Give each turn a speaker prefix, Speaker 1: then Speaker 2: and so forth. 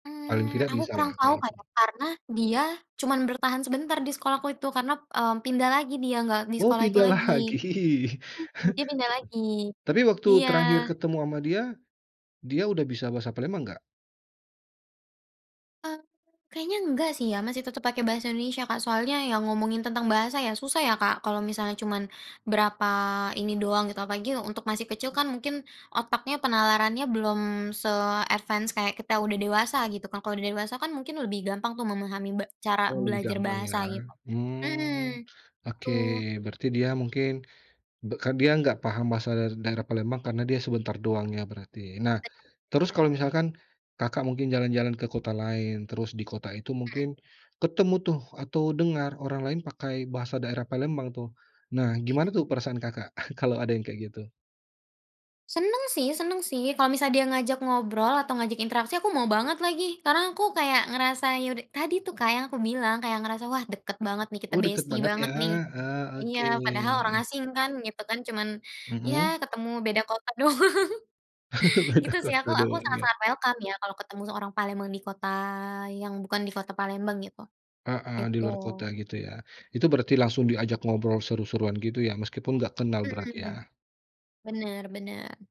Speaker 1: Paling
Speaker 2: Eee,
Speaker 1: tidak
Speaker 2: aku
Speaker 1: bisa lah
Speaker 2: kurang tau,
Speaker 1: kayak
Speaker 2: Kak,
Speaker 1: gitu.
Speaker 2: ya, karena dia cuman bertahan sebentar di sekolahku itu karena, mmm, pindah lagi dia enggak di
Speaker 1: Oh
Speaker 2: sekolah itu
Speaker 1: pindah
Speaker 2: lagi
Speaker 1: lagi!
Speaker 2: heeh dia pindah lagi
Speaker 1: Tapi waktu
Speaker 2: Iya.
Speaker 1: terakhir ketemu sama dia, dia udah bisa bahasa Palembang enggak?
Speaker 2: Eee, kayaknya enggak sih ya, masih tetap pakai bahasa Indonesia Kak, soalnya yang ngomongin tentang bahasa ya susah ya, Kak, kalau misalnya cuman berapa ini doang gitu apalagi untuk masih kecil kan mungkin otaknya penalarannya belum se-advance kayak kita udah dewasa gitu kan kalau udah dewasa kan mungkin lebih gampang tuh memahami be cara
Speaker 1: Oh lebih
Speaker 2: belajar
Speaker 1: gampang ya?
Speaker 2: bahasa gitu
Speaker 1: Mhm.
Speaker 2: heeh,
Speaker 1: Oke
Speaker 2: Betul.
Speaker 1: berarti dia mungkin, be k dia enggak paham bahasa daerah Palembang karena dia sebentar doang ya berarti. Nah,
Speaker 2: [unintelligible] .Iya
Speaker 1: terus
Speaker 2: kan.
Speaker 1: kalau misalkan, Kakak mungkin jalan-jalan ke kota lain terus di kota itu
Speaker 2: Heeh.
Speaker 1: mungkin ketemu tuh atau dengar orang lain pakai bahasa daerah Palembang tuh, nah gimana
Speaker 2: Iya.
Speaker 1: tuh perasaan Kakak, kalau ada yang kayak gitu.
Speaker 2: Seneng sih seneng sih kalau misal dia ngajak ngobrol atau ngajak interaksi aku mau banget lagi, karena aku kayak ngerasa, ya udah tadi tuh, Kak, yang aku bilang kayak ngerasa wah deket banget nih kita
Speaker 1: Oh deket
Speaker 2: bestie
Speaker 1: banget ya.
Speaker 2: banget nih.
Speaker 1: Ah
Speaker 2: Iya
Speaker 1: oke.
Speaker 2: padahal orang asing kan, gitu kan, cuman ya
Speaker 1: Mhm.
Speaker 2: ketemu beda kota doang,
Speaker 1: Beda
Speaker 2: gitu sih aku
Speaker 1: kota
Speaker 2: aku
Speaker 1: doang ya.
Speaker 2: sangat-sangat welcome ya kalau ketemu seorang Palembang di kota yang bukan di kota Palembang gtu.
Speaker 1: Heeh di
Speaker 2: Gitu.
Speaker 1: luar kota gitu ya? Itu berarti langsung diajak ngobrol seru-seruan gitu ya. Meskipun enggak kenal berarti
Speaker 2: Mhm.
Speaker 1: ya?
Speaker 2: Bener bener.